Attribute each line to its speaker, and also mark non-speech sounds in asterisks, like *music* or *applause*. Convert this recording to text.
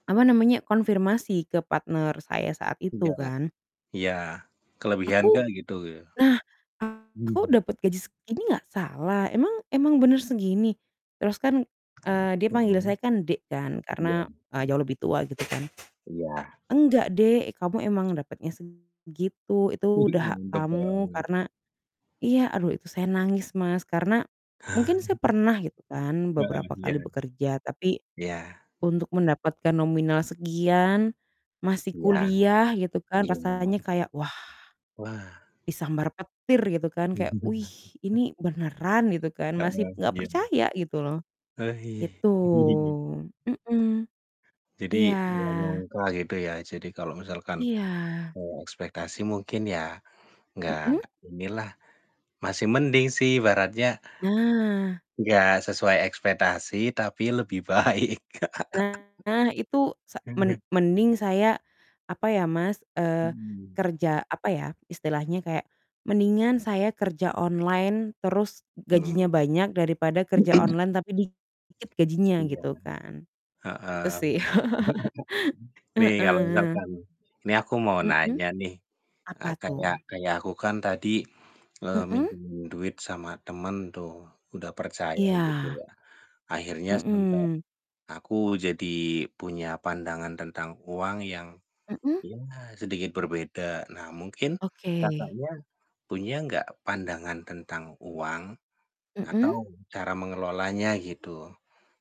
Speaker 1: Apa namanya? Konfirmasi ke partner saya saat
Speaker 2: Iya,
Speaker 1: itu kan?
Speaker 2: iya, kelebihan
Speaker 1: Aku.
Speaker 2: kan gitu, ya?
Speaker 1: Nah, aku
Speaker 2: Mhm.
Speaker 1: dapet gaji segini nggak salah? Emang emang bener segini? Terus kan, eee, dia panggil saya
Speaker 2: Mhm?
Speaker 1: kan dek kan karena,
Speaker 2: Iya.
Speaker 1: eee, jauh lebih tua gitu kan.
Speaker 2: Iya.
Speaker 1: "Enggak dek, kamu emang dapetnya segitu itu udah hak
Speaker 2: *laughs*
Speaker 1: kamu
Speaker 2: *unintelligible*
Speaker 1: karena" iya aduh itu saya nangis Mas, karena mungkin saya
Speaker 2: *chuckles*
Speaker 1: pernah gitu kan
Speaker 2: Heeh,
Speaker 1: beberapa kali
Speaker 2: iya.
Speaker 1: bekerja, tapi
Speaker 2: Iya.
Speaker 1: untuk mendapatkan nominal sekian, masih
Speaker 2: Iya,
Speaker 1: kuliah gitu kan,
Speaker 2: iya.
Speaker 1: rasanya kayak wah,
Speaker 2: Wah.
Speaker 1: disambar petir gitu kan, kayak wih
Speaker 2: *laughs* *unintelligible*
Speaker 1: ini beneran gitu kan? Masih
Speaker 2: Heeh,
Speaker 1: nggak
Speaker 2: iya.
Speaker 1: percaya gitu loh,
Speaker 2: Aih.
Speaker 1: gitu.
Speaker 2: *chuckles*
Speaker 1: Mhm.
Speaker 2: Jadi, nggak
Speaker 1: Iya.
Speaker 2: nyangka gitu ya, jadi kalau misalkan,
Speaker 1: Iya.
Speaker 2: eee, ekspektasi mungkin ya nggak
Speaker 1: Mhm?
Speaker 2: inilah, masih mending sih ibaratnya
Speaker 1: Nah.
Speaker 2: nggak sesuai ekspektasi tapi lebih baik. *laughs*
Speaker 1: Nah, itu sa men
Speaker 2: *laughs*
Speaker 1: mending saya, apa ya Mas, eee,
Speaker 2: Mhm.
Speaker 1: kerja, apa ya, istilahnya kayak mendingan saya kerja online, terus gajinya
Speaker 2: Belum.
Speaker 1: banyak daripada kerja online tapi dikit gajinya
Speaker 2: Iya,
Speaker 1: gitu kan,
Speaker 2: heeh,
Speaker 1: itu sih, *laughs*
Speaker 2: bener. *chuckles* Nih, kalau
Speaker 1: heeh.
Speaker 2: misalkan nih aku mau
Speaker 1: Mhm,
Speaker 2: nanya nih, e
Speaker 1: apa tuh?
Speaker 2: kayak kayak aku kan tadi, eee,
Speaker 1: Mhm?
Speaker 2: minjemin duit sama temen tuh, udah percaya gitu
Speaker 1: Iya.
Speaker 2: ya, akhirnya sampai
Speaker 1: Mhm.
Speaker 2: aku jadi punya pandangan tentang uang yang,
Speaker 1: Mhm?
Speaker 2: ya sedikit berbeda. Nah, mungkin
Speaker 1: Oke.
Speaker 2: Kakaknya punya nggak pandangan tentang uang atau
Speaker 1: Mhm?
Speaker 2: cara mengelolanya, gitu?